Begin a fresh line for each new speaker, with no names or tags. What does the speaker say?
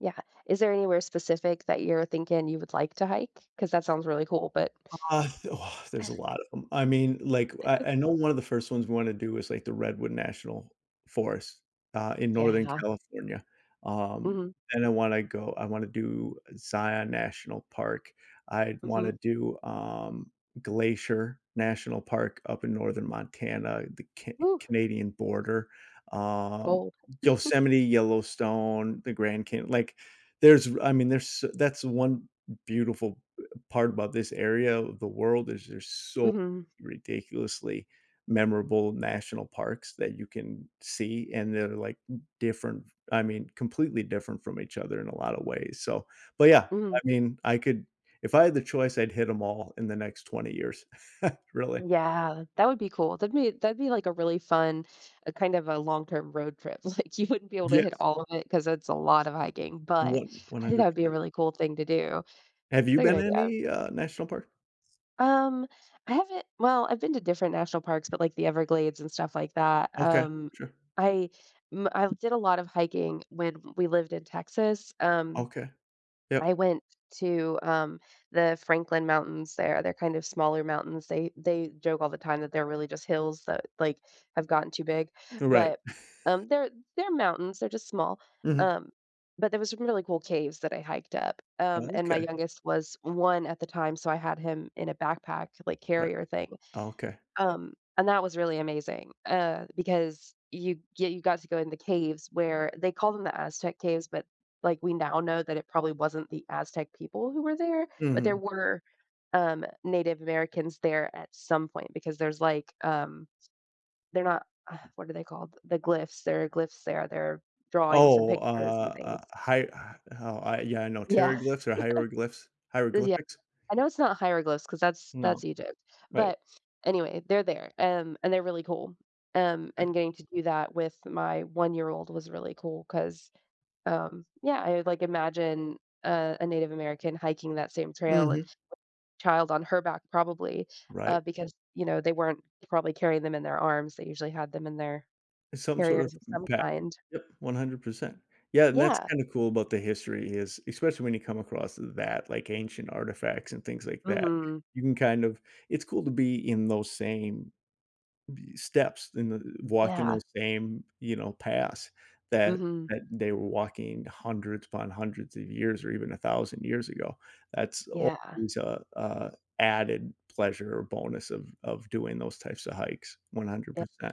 Yeah. Is there anywhere specific that you're thinking you would like to hike, 'cause that sounds really cool, but
Uh, oh, there's a lot of 'em. I mean, like, I I know one of the first ones we wanna do is, like, the Redwood National Forest, uh, in Northern
Yeah.
California. Um,
Mhm.
and I wanna go I wanna do Zion National Park. I'd
Mhm.
wanna do, um, Glacier National Park up in northern Montana, the Ca
Whoo
Canadian border, um,
Gold.
Yosemite, Yellowstone, the Grand Can like, there's r I mean, there's s that's one beautiful, uh, part about this area of the world is there's so
Mhm.
ridiculously memorable national parks that you can see, and they're, like, different f I mean, completely different from each other in a lotta ways. So, but yeah, I
Mhm.
mean, I could if I had the choice, I'd hit 'em all in the next 20 years, really.
Yeah, that would be cool. That'd be that'd be, like, a really fun a, kind of, a long-term road trip, like, you wouldn't be able to hit
Yes.
all of it 'cause it's a lot of hiking, but
1 one
I think that
hundred
would be a
percent
really cool thing to do. It's
Have you
a good
been to
idea.
any, uh, national parks?
Um, I haven't well, I've been to different national parks, but like the Everglades and stuff like that,
Okay,
um,
sure.
I m I did a lot of hiking when we lived in Texas, um,
Okay.
I
Yup.
went t to, um, the Franklin Mountains there, they're, kind of, smaller mountains, they they joke all the time that they're really just hills that, like, have gotten too big,
Uh, right.
but, um, they're they're mountains, they're just small,
Mhm.
um, but there were some really cool caves that I hiked up, um, and my
Okay.
youngest was 1 at the time, so I had him in a backpack, like,
Right.
carrier thing,
Okay.
um, and that was really amazing, uh, because you yeah, you got to go in the caves where they call them the Aztec caves, but, like, we now know that it probably wasn't the Aztec people who were there, but there
Mhm.
were, um, Native Americans there at some point, because there's, like, um, they're not, what are they called, the glyphs, there are glyphs there, there are drawings and
Oh,
pictures and
uh,
things.
a hi h oh, I yeah, I know,
Yeah.
teriglyphs or hieroglyphs,
Uh, yeah.
hieroglyphics?
I know it's not hieroglyphs cause that's
No,
that's Egypt,
right.
but anyway, they're there, and and they're really cool, um,
Eh.
and getting to do that with my one-year-old was really cool 'cause, um, yeah, I would, like, imagine a a Native American hiking that same trail and
Mhm.
child on her back probably, uh,
Right.
because, you know, they weren't probably carrying them in their arms. They usually had them in their
Some sort of
carriers of
m
some
pa
kind.
yep, 100%. Yeah, and that's
Yeah.
kinda cool about the history is especially when you come across that, like, ancient artifacts and things like that,
Mhm.
you can, kind of it's cool to be in those same b steps, in the walking
Yeah.
those same, you know, paths that
Mhm.
that they were walking hundreds upon hundreds of years or even 1000 years ago, that's
Yeah.
always a a added pleasure or bonus of of doing those types of hikes, one hundred
Yeah
percent.